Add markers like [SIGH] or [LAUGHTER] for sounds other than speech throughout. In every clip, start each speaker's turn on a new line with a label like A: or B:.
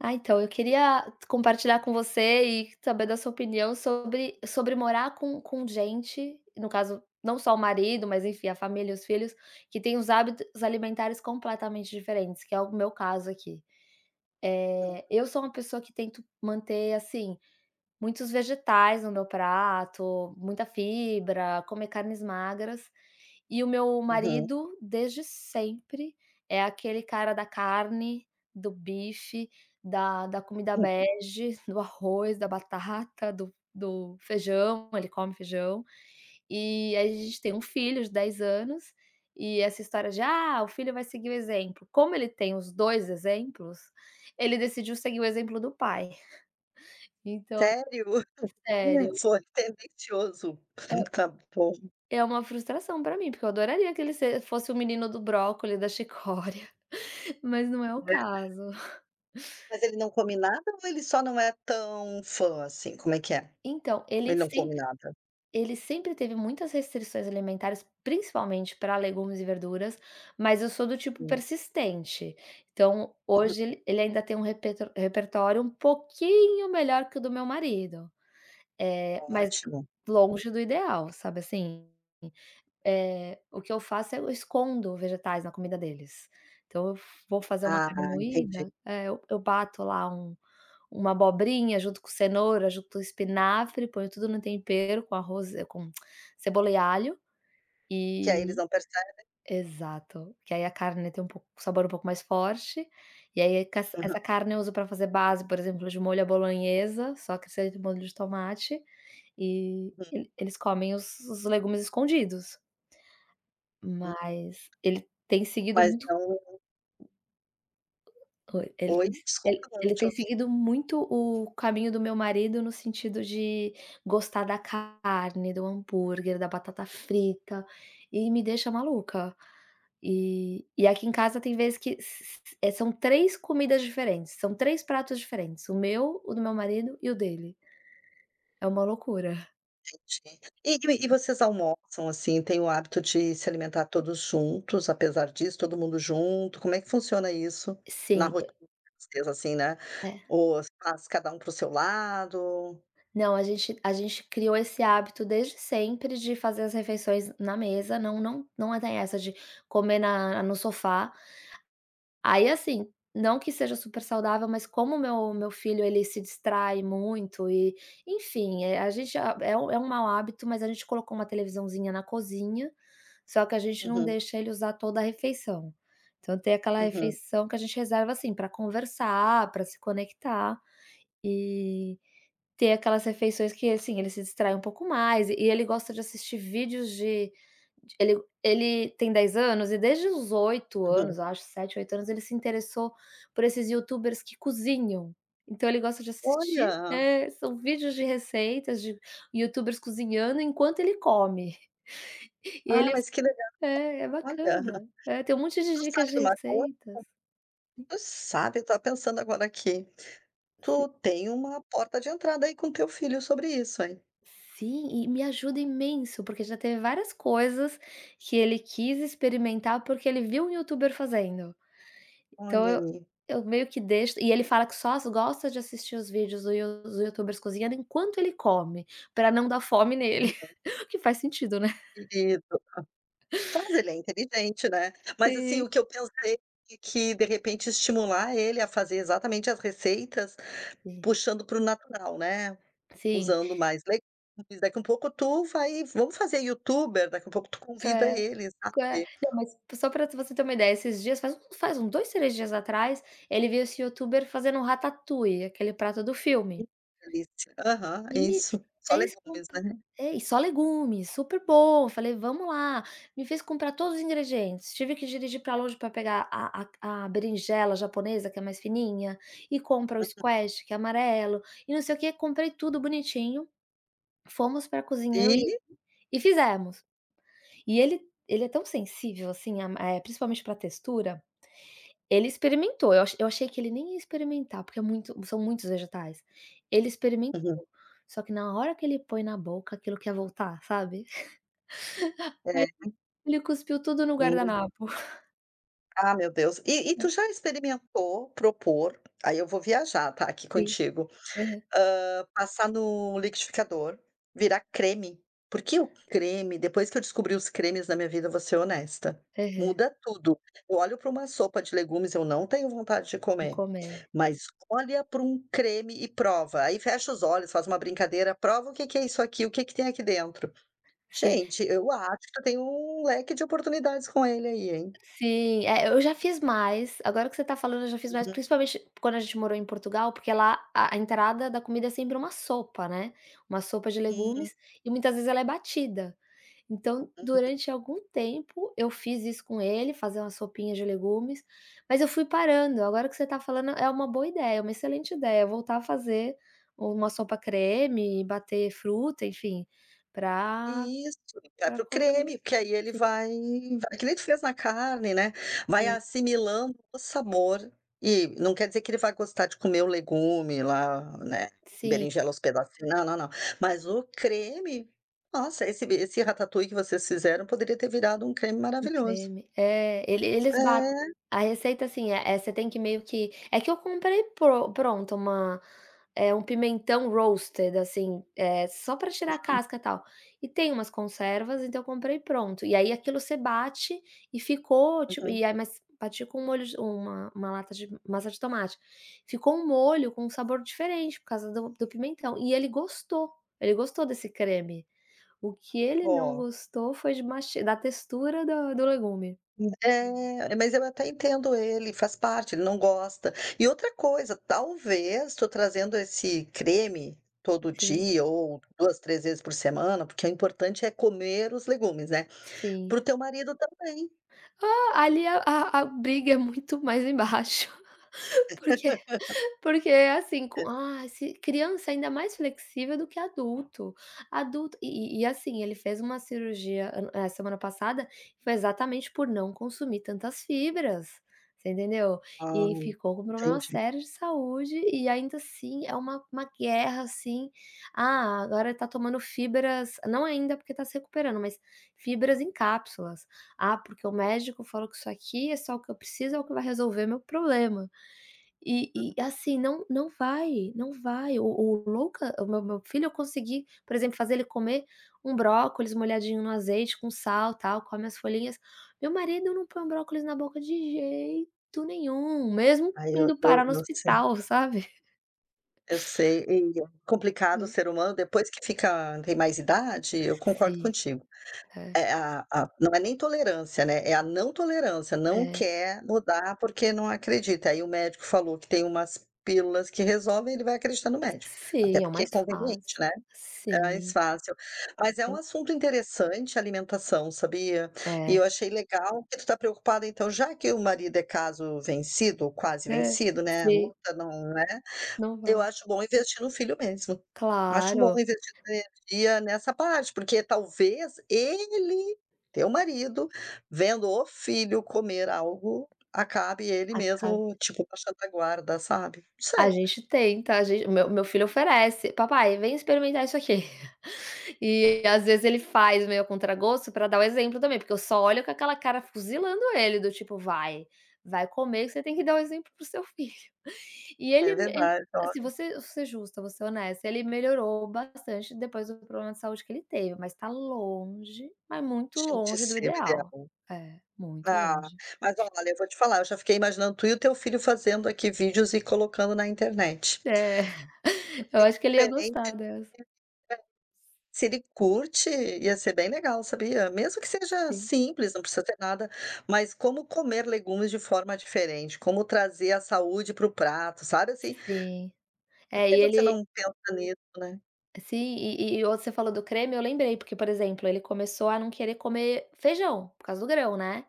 A: Ah, então, eu queria compartilhar com você e saber da sua opinião sobre sobre morar com com gente, no caso, não só o marido, mas enfim, a família e os filhos, que têm os hábitos alimentares completamente diferentes, que é o meu caso aqui.
B: Uhum.
A: Eh, eu sou uma pessoa que tento manter, assim, muitos vegetais no meu prato, muita fibra, comer carnes magras e o meu
B: Uhum.
A: marido, desde sempre, é aquele cara da carne, do bife, da da comida
B: Uhum.
A: bege, do arroz, da batata, do do feijão, ele come feijão. E aí a gente tem um filho de 10 anos e essa história de: "Ah, o filho vai seguir o exemplo". Como ele tem os 2 exemplos, ele decidiu seguir o exemplo do pai. [CHUCKLES] Então
B: Sério? [CHUCKLES]
A: sério
B: Sonho tendencioso.
A: É
B: [CHUCKLES] Tá bom.
A: é uma frustração pra mim, porque eu adoraria que ele se fosse o menino do brócolis, da chicória, mas não é o
B: Né.
A: caso. [CHUCKLES]
B: Mas ele não come nada ou ele só não é tão fã, assim, como é que é?
A: Então,
B: Ele
A: ele
B: não come
A: sempre
B: nada.
A: ele sempre teve muitas restrições alimentares, principalmente pra legumes e verduras, mas eu sou do tipo
B: É.
A: persistente. Então,
B: Uhum.
A: hoje ele ainda tem um repe repertório um pouquinho melhor que o do meu marido, eh, mas
B: Ótimo.
A: longe do ideal, sabe, assim. Eh, o que eu faço, é: eu escondo vegetais na comida deles. Então, eu vou fazer uma
B: Ah,
A: carne moída
B: entendi.
A: é, eu eu bato lá um uma abobrinha junto com cenoura, junto com espinafre, ponho tudo no tempero, com arroz, com [CLICKS TONGUE] cebola e alho,
B: Que aí eles
A: e
B: não percebem.
A: exato, que aí a carne tem um pouco um sabor um pouco mais forte. E aí, ca
B: Aham.
A: essa carne eu uso pra fazer base, por exemplo, de molho à bolonhesa, só que esse aí de molho de tomate, e
B: Hum.
A: ele eles comem os os legumes escondidos.
B: Hum.
A: Mas ele tem seguido
B: Mas
A: muito
B: não
A: oi, ele
B: Oi?
A: tem se ele
B: Desculpa, não
A: ele
B: te
A: tem
B: ouvi.
A: seguido muito o caminho do meu marido no sentido de gostar da carne, do hambúrguer, da batata frita. E me deixa maluca. E e aqui em casa tem vez que s s é, são 3 comidas diferentes, são 3 pratos diferentes, o meu, o do meu marido e o dele. É uma loucura.
B: Entendi. E e vocês almoçam, assim, têm o hábito de se alimentar todos juntos, apesar disso, todo mundo junto, como é que funciona isso, na
A: Sim, e
B: rotina de vocês, assim, né,
A: É.
B: ou faz cada um para o seu lado?
A: Não, a gente a gente criou esse hábito desde sempre de fazer as refeições na mesa. Não não não tem dessa de comer na no sofá aí assim, não que seja super saudável, mas como meu meu filho ele se distrai muito e enfim, eh, a gente é um é um mau hábito, mas a gente colocou uma televisãozinha na cozinha, só que a gente não
B: Uhum.
A: deixa ele usar toda a refeição. Então, tem aquela
B: Uhum.
A: refeição que a gente reserva, assim, pra conversar, pra se conectar e ter aquelas refeições que, assim, ele se distrai um pouco mais e ele gosta de assistir vídeos de ele ele tem 10 anos e desde os 8
B: Uhum.
A: anos, eu acho, 7, 8 anos, ele se interessou por esses YouTubers que cozinham. Então, ele gosta de assistir,
B: Olha!
A: eh, são vídeos de receitas de YouTubers cozinhando enquanto ele come. E
B: Ah,
A: ele
B: mas que legal.
A: é, é
B: Olha,
A: bacana. É, tem um monte de
B: tu
A: dicas
B: sabe
A: de
B: de uma coisa,
A: receitas. Hum.
B: tu sabe, eu tava pensando agora aqui,
A: Sim.
B: tu tem uma porta de entrada aí com teu filho sobre isso, heim.
A: Sim, e me ajuda imenso, porque já teve várias coisas que ele quis experimentar, porque ele viu um YouTuber fazendo. Então,
B: Olha
A: eu
B: aí.
A: eu meio que deixo e ele fala que só s gosta de assistir os vídeos do You dos YouTubers cozinhando enquanto ele come, pra não dar fome nele.
B: Uhum.
A: [CHUCKLES] O que faz sentido, né? [CHUCKLES]
B: Querido. Mas ele é inteligente, né, mas assim,
A: Sim.
B: o que eu pensei que de repente estimular ele a fazer exatamente as receitas,
A: É.
B: puxando para o natural, né,
A: Sim.
B: usando mais legumes, daqui um pouco tu vai vamo fazer Youtube, daqui um pouco tu convida
A: É,
B: ele,
A: que
B: sabe.
A: não, mas só pra você ter uma ideia, esses dias, faz um faz uns 2, 3 dias atrás, ele viu esse YouTuber fazendo um ratatouille, aquele prato do
B: Hum,
A: filme
B: que delicia. Aham,
A: e me
B: isso, só
A: fez
B: legumes,
A: comprar
B: né.
A: é e só legumes, super bom. Falei: "Vamo lá". Me fez comprar todos os ingredientes. Tive que dirigir pra longe pra pegar a a a berinjela japonesa, que é mais fininha, e compra o
B: Uhum.
A: squash, que é amarelo, e não sei o quê, comprei tudo bonitinho, fomos pra cozinha eu e ele
B: E?
A: e fizemos. E ele ele é tão sensível assim a é é principalmente pra textura, ele experimentou, eu acho eu achei que ele nem ia experimentar, porque é muito são muitos vegetais. Ele
B: Uhum.
A: experimentou, só que na hora que ele põe na boca, aquilo quer voltar, sabe?
B: É.
A: [CHUCKLES] Aí ele cuspiu tudo no
B: Hum.
A: guardanapo. [CHUCKLES]
B: Ah, meu Deus! E e tu
A: Ah.
B: já experimentou propor aí eu vou viajar, tá, aqui
A: Sim,
B: contigo.
A: aham.
B: Hã, passar no liquidificador, virar creme, porque o creme, depois que eu descobri os cremes na minha vida, vou ser honesta,
A: Aham.
B: muda tudo. Eu olho pra uma sopa de legumes, eu não tenho vontade de
A: De
B: comer,
A: comer.
B: mas olha para um creme e prova. Aí fecha os olhos, faz uma brincadeira: "Prova o que que é isso aqui, o que que tem aqui dentro".
A: Sim.
B: Gente, eu acho que tu tem um leque de oportunidades com ele aí, hein?
A: Sim, é, eu já fiz mais. Agora que você tá falando, eu já fiz mais,
B: Uhum.
A: principalmente quando a gente morou em Portugal, porque lá a a entrada da comida é sempre uma sopa, né. Uma sopa de
B: Sim.
A: legumes e muitas vezes ela é batida. Então,
B: Uhum.
A: durante algum tempo, eu fiz isso com ele, fazer uma sopinha de legumes, mas eu fui parando. Agora que você tá falando, é uma boa ideia, uma excelente ideia voltar a fazer uma sopa creme, bater fruta, enfim, pra
B: Isso, vai
A: pra
B: para o
A: colocar
B: creme,
A: no
B: que aí ele
A: sim.
B: vai vai que nem tu fez na carne, né? Vai
A: Sim.
B: assimilando o sabor. E não quer dizer que ele vai gostar de comer o legume lá, né?
A: Sim.
B: Berinjela aos pedacinhos. Não, não, não. Mas o creme, nossa, esse b esse ratatouille que vocês fizeram poderia ter virado um creme
A: Um
B: maravilhoso.
A: creme. É, ele eles bat
B: É.
A: a receita, assim, é: você tem que meio que é que eu comprei pron pronto uma, eh, 1 pimentão roasted, assim, eh, só pra tirar a
B: Sim.
A: casca, tal. E tem umas conservas, então eu comprei pronto. E aí aquilo você bate e ficou, tipo,
B: Uhum.
A: e aí mas bati com um molho de 1- 1 lata de massa de tomate. Ficou um molho com sabor diferente por causa do do pimentão. E ele gostou, ele gostou desse creme. O que ele não
B: Ó.
A: gostou foi de masti da textura do do legume.
B: Hum. É, olha, mas eu até entendo ele, faz parte, ele não gosta. E, outra coisa, talvez tu trazendo esse creme todo
A: Sim.
B: dia ou 2, 3 vezes por semana, porque o importante é comer os legumes, né,
A: Sim.
B: para o teu marido também.
A: Ó, ali a a a briga é muito mais embaixo, [CHUCKLES] porque
B: [LAUGHS]
A: porque é assim, com
B: Hã?
A: ah, se criança é ainda mais flexível do que adulto. Adulto e e e, assim, ele fez uma cirurgia an eh, semana passada, que foi exatamente por não consumir tantas fibras, você entendeu?
B: Ah,
A: E aí ficou com problema
B: entendi.
A: sério de saúde e, ainda assim, é uma uma guerra, assim. Ah, agora ele tá tomando fibras não ainda, porque tá se recuperando, mas fibras em cápsulas: "Ah, porque o médico falou que isso aqui é só o que eu preciso, é o que vai resolver meu problema". E
B: Uhum.
A: e, assim, não não vai, não vai. O o Luca, o meu meu filho eu consegui, por exemplo, fazer ele comer um brócolis molhadinho no azeite com sal, tal, come as folhinhas. Meu marido não põe um brócolis na boca de jeito nenhum, mesmo
B: Aí o
A: indo
B: eu
A: parar no
B: eu sei.
A: hospital, sabe? [CHUCKLES]
B: Eu sei, e complicado o
A: Hã.
B: ser humano, depois que fica tem mais idade, eu concordo
A: Si
B: contigo.
A: é.
B: É, a a não é nem tolerância, né, é a não tolerância, não
A: É.
B: quer mudar, porque não acredita. Aí o médico falou que tem umas pílulas que resolvem, ele vai acreditar no médico, até
A: Sim, é o
B: porque é
A: mais
B: conveniente,
A: fácil.
B: né. É mais
A: Sim.
B: fácil. Mas é um
A: Sim.
B: assunto interessante, alimentação, sabia? E
A: É.
B: eu achei legal que tu tá preocupada, então, já que o marido é caso vencido ou quase
A: É,
B: vencido, né? A
A: sim.
B: luta não, né
A: Não
B: eu
A: vai.
B: acho bom investir no filho mesmo. Acho bom
A: Claro.
B: investir sua energia nessa parte, porque talvez ele, teu marido, vendo o filho comer algo, acabe ele
A: Acab
B: mesmo, tipo, baixando a guarda, sabe, não
A: A
B: sei.
A: gente tenta, a gen o meu o meu filho oferece: "Papai, vem experimentar isso aqui". [CHUCKLES] E às
B: [UNINTELLIGIBLE]
A: vezes ele faz meio a contragosto pra dar o exemplo também, porque eu só olho com aquela cara fuzilando ele, do tipo: "Vai vai comer, que você tem que dar o exemplo para o seu filho". [CHUCKLES] E
B: É
A: ele me ele
B: verdade,
A: assim, vou
B: olha.
A: ser vou ser justa, vou ser honesta, ele melhorou bastante depois do problema de saúde que ele teve, mas tá longe, mas muito
B: Gente, ia
A: longe do
B: ser o
A: ideal.
B: ideal.
A: É, muito
B: Ah,
A: longe.
B: mas, olha, eu vou te falar, eu já fiquei imaginando tu e o teu filho fazendo aqui vídeos e colocando na internet.
A: É,
B: Bem
A: [CHUCKLES] eu acho que ele ia
B: diferente
A: gostar
B: [UNINTELLIGIBLE]
A: dessa.
B: se ele curte, ia ser bem legal, sabia. Mesmo que seja
A: Sim.
B: simples, não precisa ter nada mas como comer legumes de forma diferente, como trazer a saúde para o prato, sabe, assim
A: Sim.
B: por
A: É, e
B: que você
A: ele
B: não pensa nisso, né?
A: Sim, e e o você falou do creme eu lembrei, porque, por exemplo, ele começou a não querer comer feijão, por causa do grão, né,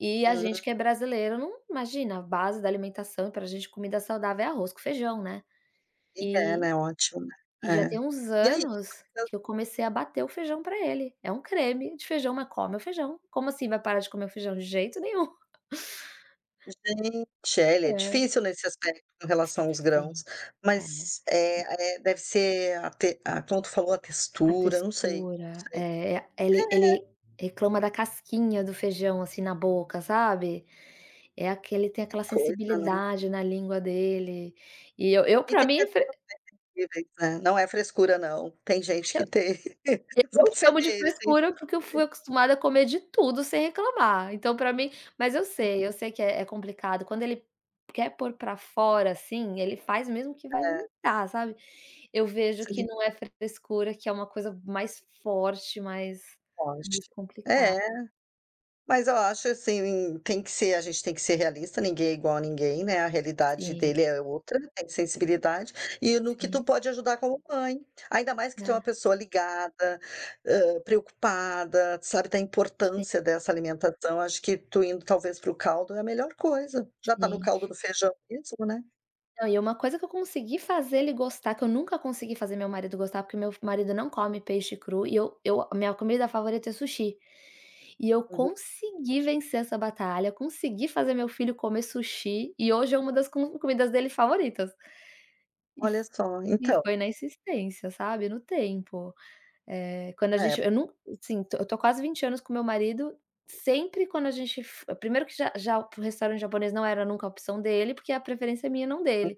A: e a
B: Uhum.
A: gente que é brasileiro não imagina, a base da alimentação pra gente, comida saudável é arroz com feijão, né,
B: Ele é,
A: e
B: né, ótima,
A: e já tem
B: é,
A: uns
B: e aí
A: anos
B: [UNINTELLIGIBLE]
A: que eu comecei a bater o feijão pra ele, é um creme de feijão, mas come o feijão, como assim vai parar de comer o feijão? De jeito nenhum. [CHUCKLES]
B: Gente é, ele é
A: É.
B: difícil nesse aspecto com relação aos
A: Sim,
B: grãos,
A: é.
B: mas, eh eh, deve ser a te a como tu falou, a
A: A
B: textura, não sei, não
A: textura,
B: sei
A: é, a ele
B: é.
A: ele reclama da casquinha do feijão, assim, na boca, sabe, é aquele tem
B: Que
A: aquela
B: coisa, né.
A: sensibilidade na língua dele e eu eu
B: E
A: pra
B: tem
A: mim
B: pessoas
A: fre
B: bem sensíveis, né, não é frescura, não, tem gente
A: Se eu
B: que tem [CHUCKLES] mesmo, porque
A: eu
B: você
A: chamo
B: vê:
A: de
B: ele tem, tem gente
A: frescura porque eu
B: que tem.
A: fui acostumada a comer de tudo sem reclamar, então, pra mim mas eu
B: É.
A: sei, eu sei que é é complicado. Quando ele quer pôr pra fora, assim, ele faz mesmo que vai
B: É.
A: vomitar, sabe. Eu vejo que
B: Sim.
A: não é frescura, que é uma coisa mais forte, mais
B: Pode,
A: mais complicada.
B: é. Mas, ó, acho, assim, tem que ser, a gente tem que ser realista, ninguém é igual a ninguém, né, a realidade
A: Sim.
B: dele é outra, tem sensibilidade, e no que
A: Sim.
B: tu pode ajudar como mãe, ainda mais que tu é uma
A: É.
B: pessoa ligada, hã, preocupada, sabe da
A: Sim.
B: importância dessa alimentação, acho que tu indo talvez para caldo é a melhor coisa, já tá no
A: Sim.
B: caldo do feijão mesmo, né.
A: Não, e é uma coisa que eu consegui fazer ele gostar, que eu nunca consegui fazer meu marido gostar, porque meu f marido não come peixe cru e eu eu a minha comida favorita é sushi. E eu
B: Uhum.
A: consegui vencer essa batalha, consegui fazer meu filho comer sushi e hoje é uma das com comidas dele favoritas. E
B: Olha
A: f
B: só,
A: e
B: então.
A: foi na insistência, sabe, no tempo, eh, quando a
B: É.
A: gente eu num assim, tô eu tô há quase 20 anos com meu marido, sempre quando a gente f primeiro que já já p o restaurante japonês não era nunca a opção dele, porque a preferência é minha, não
B: Hã.
A: dele.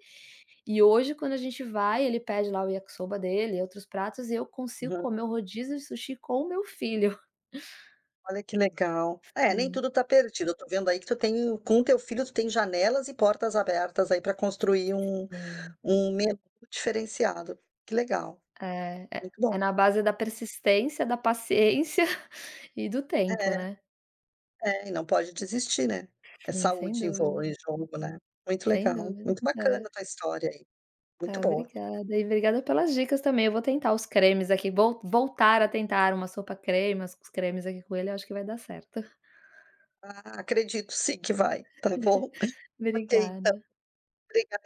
A: E, hoje, quando a gente vai, ele pede lá o yakisoba dele e outros pratos, e eu consigo
B: Aham.
A: comer o rodízio de sushi com o meu filho.
B: Olha, que legal. É, nem
A: Sim.
B: tudo tá perdido. Eu tô vendo aí que tu tem com teu filho, tu tem janelas e portas abertas aí pra construir um
A: Sim.
B: um menu diferenciado. Que legal!
A: É,
B: Muito bom.
A: é na base da persistência, da paciência e do
B: É.
A: tempo, né.
B: É, e não pode desistir, né. É
A: Sim, sem
B: saúde em vo
A: dúvida.
B: em jogo, né. Muito
A: Sem
B: legal,
A: dúvida,
B: muito bacana
A: é.
B: tua história aí. Muito
A: Ah,
B: boa.
A: obrigada. E brigada pelas dicas também, eu vou tentar os cremes aqui, vou voltar a tentar uma sopa creme, as os cremes aqui com ele, acho que vai dar certo.
B: Ah, acredito sim que vai, tá bom?
A: [CHUCKLES]
B: Ok, então.
A: Obrigada.
B: Obrigada